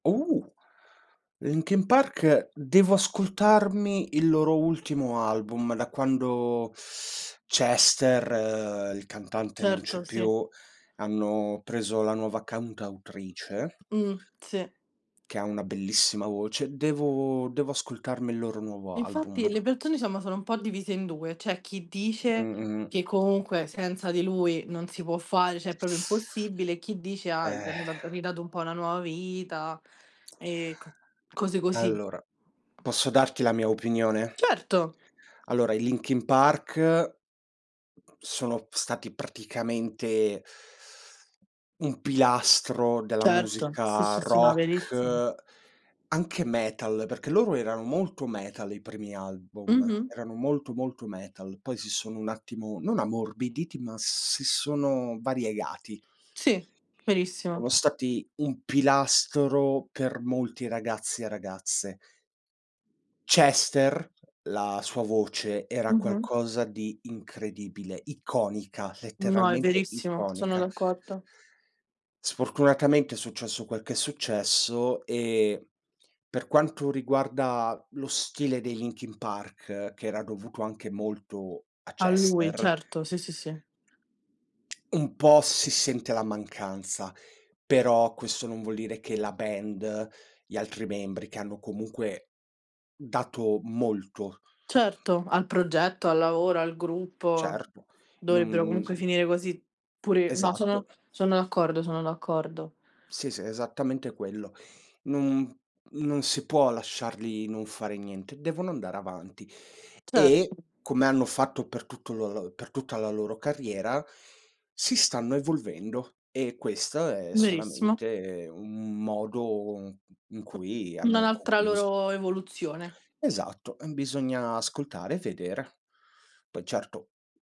Uh! Linkin Park, devo ascoltarmi il loro ultimo album. Da quando, Chester, uhm, il cantante, non c'è Certo, sì. più, hanno preso la nuova cantautrice Mh, sì. che ha una bellissima voce. Devo devo ascoltarmi il loro nuovo album. Infatti le persone, diciamo, sono un po' divise in 2. C'è chi Mh, dice mh-mh. che comunque senza di lui non si può fare, cioè è proprio impossibile, e chi dice: "Ah, gli Eh. hanno da ridato un po' una nuova vita." e c cose così. Allora, posso darti la mia opinione? Certo. Allora, i Linkin Park sono stati praticamente un pilastro della Certo, sì, musica sì, sì no verissimo. rock, anche metal, perché loro erano molto metal i primi album, Mh-mh. erano molto, molto metal. Poi si sono un attimo non ammorbiditi, ma si sono variegati. Sì verissimo. Sono stati un pilastro per molti ragazzi e ragazze. Chester, la sua voce era Mh-mh. qualcosa di incredibile, iconica, No, è letteralmente verissimo, sono iconica. d'accordo. Sfortunatamente è successo quel che è successo, e, per quanto riguarda lo stile dei Linkin Park, che era dovuto anche molto a A lui, Chester certo, sì, sì, sì. un po' si sente la mancanza. Però questo non vuol dire che la band, gli altri membri che hanno comunque dato molto Certo, al progetto, al lavoro, al gruppo Certo, non, dovrebbero comunque mhmm finire così, pure no, sono Esatto. sono d'accordo, sono d'accordo. Sì, s esattamente quello. Non non si può lasciarli non fare niente, devono andare avanti. Cer E, come hanno fatto per tutto lo l per tutta la loro carriera, si stanno evolvendo e questo è Verissimo. solamente un modo, uhm, in cui N hanno un'altra concluso loro evoluzione. Esatto, ehm, bisogna ascoltare e vedere. Poi, certo